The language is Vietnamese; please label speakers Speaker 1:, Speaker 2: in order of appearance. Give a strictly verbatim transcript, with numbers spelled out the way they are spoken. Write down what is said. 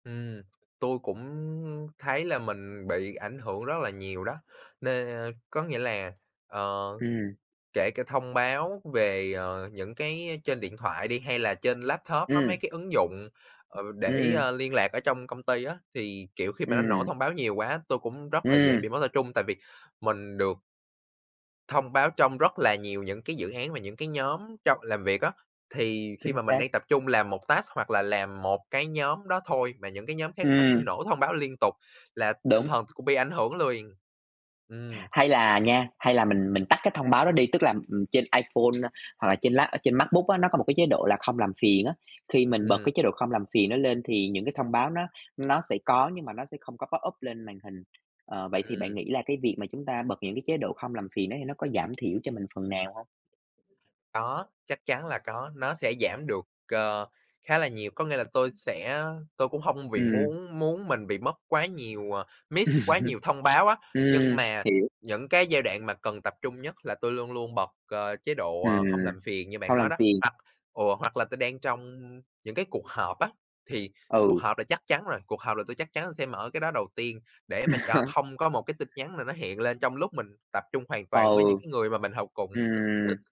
Speaker 1: Ừm, tôi cũng thấy là mình bị ảnh hưởng rất là nhiều đó, nên có nghĩa là, ờ,
Speaker 2: Ừm.
Speaker 1: kể cả thông báo về, ờ, những cái trên điện thoại đi hay là trên laptop á, mấy
Speaker 2: Ừm.
Speaker 1: cái ứng dụng, ờ, để,
Speaker 2: Ừm.
Speaker 1: ơ, liên lạc ở trong công ty á, thì, kiểu, khi mà nó nổ
Speaker 2: Ừm.
Speaker 1: thông báo nhiều quá, tôi cũng rất là dễ
Speaker 2: Ừm.
Speaker 1: bị mất tập trung. Tại vì mình được thông báo trong rất là nhiều những cái dự án và những cái nhóm trong làm việc á. Thì khi
Speaker 2: Chính
Speaker 1: mà mình
Speaker 2: xác.
Speaker 1: đang tập trung làm một task hoặc là làm một cái nhóm đó thôi và những cái nhóm khác nó cứ
Speaker 2: Ừm.
Speaker 1: nổ thông báo liên tục là tinh
Speaker 2: Đúng.
Speaker 1: thần cũng bị ảnh hưởng luyền, ừm.
Speaker 2: Hay là nha, hay là mình mình tắt cái thông báo đó đi, tức là. ừm, trên iPhone hoặc là trên trên lap trên Macbook á, nó có một cái chế độ là không làm phiền á. Khi mình bật
Speaker 1: Ừm.
Speaker 2: cái chế độ không làm phiền đó lên thì những cái thông báo nó nó sẽ có nhưng mà nó sẽ không có pop up lên màn hình. Ờ, vậy thì bạn
Speaker 1: Ừm.
Speaker 2: nghĩ là cái việc mà chúng ta bật những cái chế độ không làm phiền đó thì nó có giảm thiểu cho mình phần nào hông?
Speaker 1: Có, chắc chắn là có, nó sẽ giảm được, ờ, khá là nhiều. Có nghĩa là tôi sẽ tôi cũng hông bị
Speaker 2: Ừm.
Speaker 1: muốn muốn mình bị mất quá nhiều ờ, miss quá nhiều thông báo á, nhưng
Speaker 2: Ừm,
Speaker 1: mà
Speaker 2: hiểu.
Speaker 1: những cái giai đoạn mà cần tập trung nhất là tôi luôn luôn bật, ờ, chế độ
Speaker 2: Ừm,
Speaker 1: không làm phiền như bạn
Speaker 2: không làm
Speaker 1: nói đó.
Speaker 2: phiền.
Speaker 1: Hoặc ờ, hoặc là tôi đang trong những cái cuộc họp á, thì cuộc
Speaker 2: Ừ.
Speaker 1: họp là chắc chắn rồi, cuộc họp là tôi chắc chắn tôi sẽ mở cái đó đầu tiên để mà cho không có một cái tin nhắn nào nó hiện lên trong lúc mình tập trung hoàn toàn với
Speaker 2: Ừ.
Speaker 1: những cái người mà mình họp cùng.
Speaker 2: Ừm.